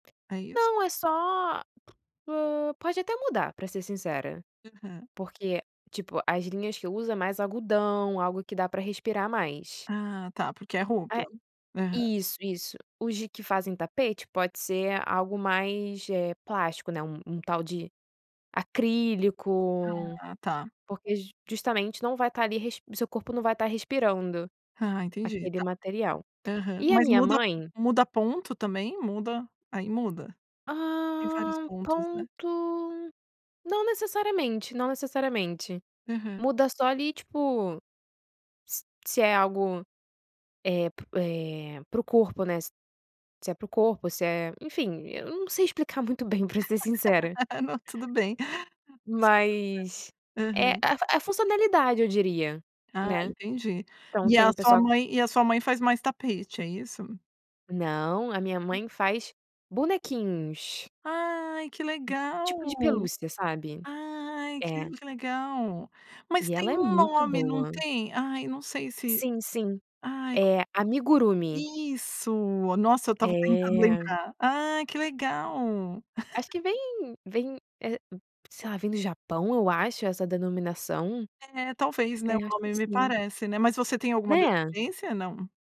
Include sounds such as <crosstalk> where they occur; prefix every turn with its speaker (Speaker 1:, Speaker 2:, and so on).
Speaker 1: É isso?
Speaker 2: Não é só, po pode até mudar para ser sincera,
Speaker 1: Aham.
Speaker 2: porque, tipo, as linhas que usa mais algodão, algo que dá para respirar mais.
Speaker 1: Ah, tá porque é roupa.
Speaker 2: É,
Speaker 1: Aham.
Speaker 2: isso, isso, os que fazem tapete pode ser algo mais, eh, plástico, né, um tal de acrílico,
Speaker 1: Ah tá.
Speaker 2: porque justamente não vai estar ali o seu corpo não vai estar respirando
Speaker 1: Ah, entendi
Speaker 2: aquele
Speaker 1: tá,
Speaker 2: material,
Speaker 1: aham,
Speaker 2: e a
Speaker 1: mas
Speaker 2: minha
Speaker 1: muda
Speaker 2: mãe
Speaker 1: muda ponto também, muda aí muda tem vários
Speaker 2: Hã,
Speaker 1: pontos, né.
Speaker 2: ponto, não necessariamente, não necessariamente
Speaker 1: Aham.
Speaker 2: muda só ali, tipo ...s se é algo, eh, para o, eh, para o corpo, né, se é para o corpo, se é enfim, eu não sei explicar muito bem pra ser
Speaker 1: <laughs>
Speaker 2: sincera.
Speaker 1: Ah não, tudo bem. Impossível,
Speaker 2: mas
Speaker 1: né?
Speaker 2: é
Speaker 1: Aham.
Speaker 2: a funcionalidade eu diria,
Speaker 1: Ah
Speaker 2: né,
Speaker 1: entendi
Speaker 2: então
Speaker 1: e
Speaker 2: tem
Speaker 1: a
Speaker 2: o
Speaker 1: sua
Speaker 2: pessoal
Speaker 1: mãe e a sua mãe faz mais tapete é isso?
Speaker 2: Não, a minha mãe faz bonequinhos.
Speaker 1: Ai que
Speaker 2: Tipo
Speaker 1: legal,
Speaker 2: de pelúcia, sabe?
Speaker 1: ai
Speaker 2: É.
Speaker 1: que legal, mas
Speaker 2: E
Speaker 1: tem
Speaker 2: ela é
Speaker 1: um
Speaker 2: muito
Speaker 1: nome não
Speaker 2: boa.
Speaker 1: tem? Ai não sei, se
Speaker 2: Sim, sim,
Speaker 1: ai como
Speaker 2: amigurumi.
Speaker 1: isso, nossa, eu estava tentando
Speaker 2: É.
Speaker 1: lembrar ai que legal.
Speaker 2: Acho
Speaker 1: <laughs>
Speaker 2: que vem vem, sei lá, vem do Japão, eu acho essa denominação,
Speaker 1: É talvez,
Speaker 2: é
Speaker 1: né, o
Speaker 2: eu acho que
Speaker 1: nome me
Speaker 2: sim.
Speaker 1: parece, né, mas você tem alguma
Speaker 2: Né.
Speaker 1: descendência, não?